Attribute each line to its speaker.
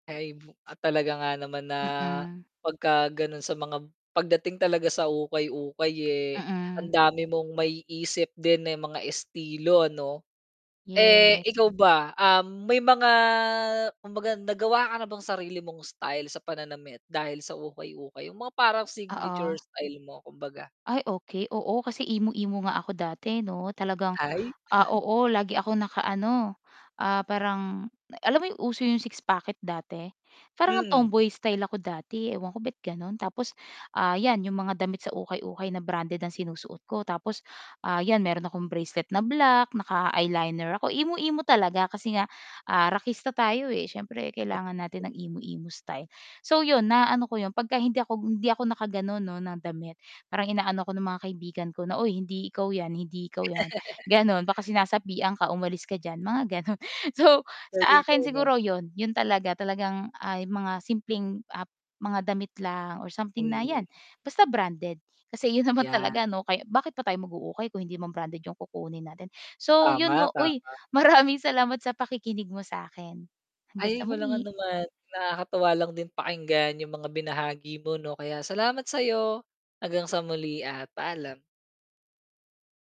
Speaker 1: Ay, bu ah, talaga nga naman na
Speaker 2: Mm.
Speaker 1: pagka gano'n sa mga pagdating talaga sa ukay-ukay, eh, ang
Speaker 2: Mm.
Speaker 1: dami mong maiisip din, eh, mga estilo, ano. Eh,
Speaker 2: Yes.
Speaker 1: ikaw ba, um, may mga kumbaga nagawa ka na bang sarili mong style sa pananamit dahil sa ukay-ukay? 'Yong mga parang signature
Speaker 2: Oo.
Speaker 1: style mo kumbaga.
Speaker 2: Ay, okey, oo. Kasi emo-emo nga ako dati, 'no. Talagang,
Speaker 1: Ay.
Speaker 2: ah, oo, lagi akong naka-ano, ah, parang alam mo 'yong uso 'yong six pocket dati. Para ngang
Speaker 1: Mm.
Speaker 2: tomboy-style ako dati, ewan ko ba't gano'n. Tapos, ah, 'yan 'yong mga damit sa ukay-ukay na branded ang sinusuot ko. Tapos, ah, 'yan mayro'n akong bracelet na black, naka-eyeliner ako. Emo-emo talaga kasi nga, ah, rakista tayo, eh, siyempre kailangan natin ng
Speaker 1: [unintelligible]
Speaker 2: emo-emo style. So 'yon na ano ko 'yon 'pagka hindi ako hindi ako nakagano'n, 'no, na damit, parang ina-ano ako ng mga kaibigan ko na, "Uy, hindi ikaw 'yan. Hindi ikaw 'yan," gano'n. "baka sinasapian ka, umalis ka diyan." mga gano'n. So, sa
Speaker 1: Galing,
Speaker 2: akin
Speaker 1: eh, 'no?
Speaker 2: siguro 'yon, 'yon talaga. Talagang, ah, 'yong mga simpleng, ah, mga damit lang or something na
Speaker 1: Mm.
Speaker 2: 'yan basta branded kasi 'yon naman
Speaker 1: Ayan.
Speaker 2: talaga ano. Kaya bakit pa tayo mag-u-ukay kung hindi naman branded 'yong kukunin natin. So 'yon,
Speaker 1: Tama,
Speaker 2: 'no. Uy,
Speaker 1: tama.
Speaker 2: maraming salamat sa pakikinig mo sa 'kin. Hanggang
Speaker 1: Ay,
Speaker 2: sa
Speaker 1: walang
Speaker 2: muli.
Speaker 1: anuman. Nakakatuwa lang din pakinggan 'yong mga binahagi mo, 'no. Kaya salamat sa 'yo. Hanggang sa muli at paalam.